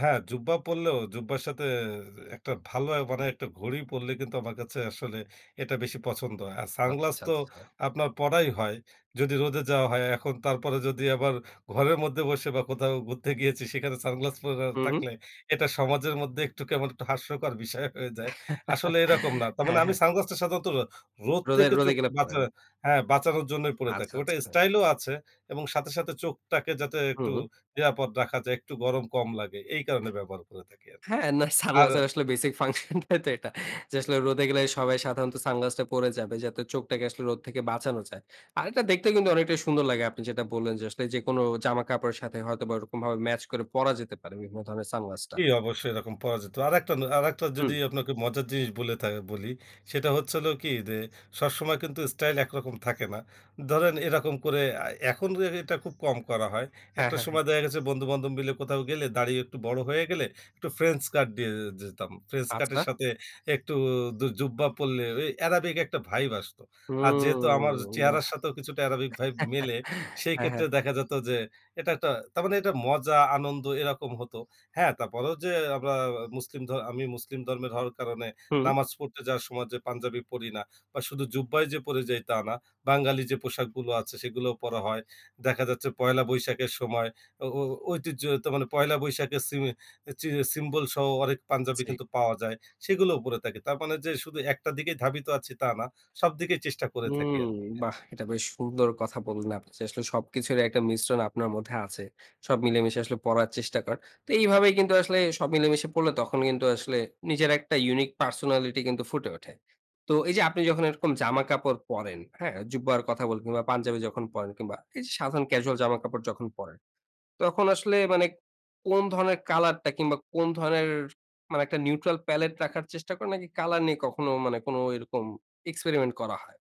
হ্যাঁ, জুব্বা পরলেও, জুব্বার সাথে যে একটা ভালো অ্যা মানে একটা ঘড়ি পড়লে কিন্তু আমার কাছে আসলে এটা বেশি পছন্দ হয়। আর সানগ্লাস আচ্ছা, তো আচ্ছা। আপনার পড়াই হয়। যদি রোদে যাওয়া হয় এখন। তারপরে যদি আবার ঘরের মধ্যে বসে বা কোথাও ঘুরতে গিয়েছি সেখানে সানগ্লাস পরা হু, হু। থাকলে, এটা সমাজের মধ্যে একটু কেমন একটু হাস্যকর বিষয় হয়ে যায়। আসলে এরকম না। তার মানে হ্যাঁ, আমি হ্যাঁ। সানগ্লাসটা সাধারণত রোদ রোদে থেকে রোদে চোখকে গেলে বাঁচা পরেন। হ্যাঁ বাঁচানোর জন্যই পড়ে থাকি। আচ্ছা, ওটা আচ্ছা। স্টাইলও আছে এবং সাথে সাথে চোখটাকে যাতে একটু হুম। নিরাপদ রাখা যায়, একটু গরম কম লাগে। এই কারণে ব্যবহার করে থাকি আরকি। হ্যাঁ, না আর সানগ্লাসের আসলে বেসিক ফাংশনটাই তো এটা। যে আসলে রোদে গেলে সবাই সাধারণত সানগ্লাসটা পরে যাবে, যাতে চোখটাকে আসলে রোদ থেকে বাঁচানো যায়। আর এটা দেখতে কিন্তু অনেকটাই সুন্দর লাগে। আপনি যেটা বললেন যে, "আসলে যেকোনো জামা-কাপড়ের সাথে হয়তোবা ওরকমভাবে ম্যাচ করে পরা যেতে পারে বিভিন্ন ধরনের সানগ্লাসটা।" জি, অবশ্যই এরকম পাওয়া যেত। আরেকটা না আরেকটা যদি হুম। আপনাকে মজার জিনিস বলে থা বলি, সেটা হচ্ছে হলো কী যে, সবসময় কিন্তু স্টাইল একরকম থাকে না। ধরেন, এরকম করে আ এখন যে এটা খুব কম করা হয়। হ্যাঁ, একটা হ্যাঁ, হ্যাঁ। সময় দেখা গেছে বন্ধু-বান্ধব মিলে কোথাও গেলে, দাঁড়ি একটু বড় হয়ে গেলে, একটু ফ্রেঞ্চ কাট দিয়ে এ যেতাম। ফ্রেঞ্চ কাটের আচ্ছা। সাথে একটু দু জুব্বা পরলে ওই অ্যারাবিক একটা ভাইব আসতো। আর, যেহেতু আমার হুম চেহারার বাহ্! সাথেও কিছুটা অ্যারাবিক ভাইব মিলে, সেই হ্যাঁ, ক্ষেত্রে হ্যাঁ। দেখা যেত যে, এটা একটা তার মানে এটা মজা, আনন্দ, এরকম হতো। হ্যাঁ, তারপরেও যে আমরা আ মুসলিম ধ আমি মুসলিম ধর্মের হওয়ার কারণে হুম। নামাজ পড়তে যাওয়ার সময় যে পাঞ্জাবি পরি না বা শুধু জুব্বাই যে পরে যাই, তা না। বাঙালি যে পোশাকগুলো আছে, সেগুলাও পরা হয়। দেখা যাচ্ছে পহেলা বৈশাখের সময় ও ও ঐতিহ্য তো মানে, পহেলা বৈশাখের সিমে, চি সিম্বলসহ অনেক পাঞ্জাবি জি। কিন্তু পাওয়া যায়, সেগুলোও পরে থাকি। তার মানে যে শুধু একটা দিকেই ধাবিত আছি, তা না। সব দিকেই চেষ্টা করে থাকি উম আরকি, হ্যাঁ। বাহ! এটা বেশ সুন্দর কথা বললেন আপনি যে আসলে সবকিছুরই একটা মিশ্রণ আপনার মধ্যে আছে। সব মিলেমিশে আসলে পরার চেষ্টা করেন। তো এইভাবেই কিন্তু আসলে সব মিলেমিশে পরলে, তখন কিন্তু আসলে নিজের একটা ইউনিক পার্সোনালিটি কিন্তু ফুটে ওঠে। তো এই যে আপনি যখন এরকম জামা কাপড় পরেন, হ্যাঁ? জুব্বার কথা বলব না পাঞ্জাবি যখন পরেন, কিংবা এই যে সাধারণ ক্যাজুয়াল জামা কাপড় যখন পরেন, তখন আসলে মানে কোন ধরনের কালারটা কিংবা কোন ধরনের মানে একটা নিউট্রাল প্যালেট রাখার চেষ্টা করেন নাকি কালার নিয়ে কখনো মানে কোনো এরকম এক্সপেরিমেন্ট করা হয়?